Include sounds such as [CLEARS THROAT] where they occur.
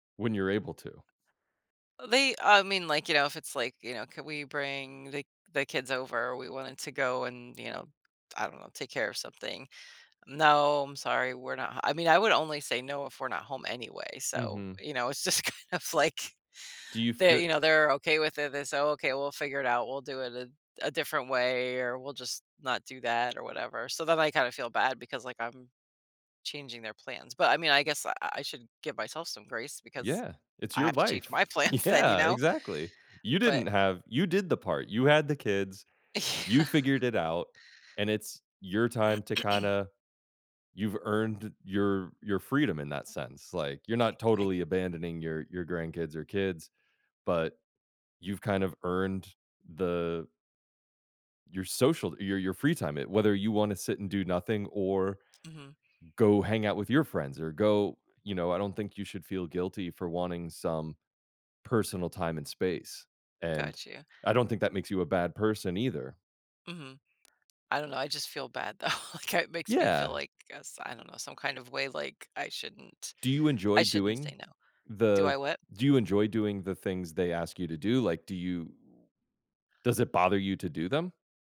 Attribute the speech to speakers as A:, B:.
A: When you're able to.
B: They, um, I mean, like, you know, if it's, like, you know, could we bring the the kids over? We wanted to go and, you know, I don't know, take care of something, "No, I'm sorry, we're not h" I mean, I would only say no if we're not home anyway, so,
A: Mhm.
B: you know, it's just kind of, like,
A: Do you
B: they
A: fee
B: you know, they're okay with it, they say, "Okay, we'll figure it out. We'll do it a a different way or we'll just not do that or whatever." So, then I kinda feel bad because, like, I'm changing their plans. But, I mean, I guess I I should give myself some grace because
A: Yeah. It's
B: I
A: your
B: have to change
A: life.
B: my plans then, you
A: Yeah,
B: know?
A: exactly. You
B: But
A: didn't have you did the part, you had the kids, you
B: Yeah.
A: figured it out, and it's your time to
B: [CLEARS THROAT]
A: kinda you've earned your your freedom in that sense, like, you're
B: I
A: not
B: I
A: totally abandoning your your grandkids or kids, but you've kind of earned the your social your your free time it whether you wanna sit and do nothing or,
B: Mhm.
A: go hang out with your friends or go you know I don't think you should feel guilty for wanting some personal time and space, and
B: Got you.
A: I don't think that makes you a bad person either.
B: Mhm. I don't know, I just feel bad, though, like, I it makes me feel
A: Yeah.
B: like, I guess, I I don't know, some kind of way, like, I shouldn't
A: Do you
B: I
A: enjoy
B: shouldn't
A: doing
B: say no. Do
A: the
B: I what?
A: do you enjoy doing the things they ask you to do, like, do you does it bother you to do them?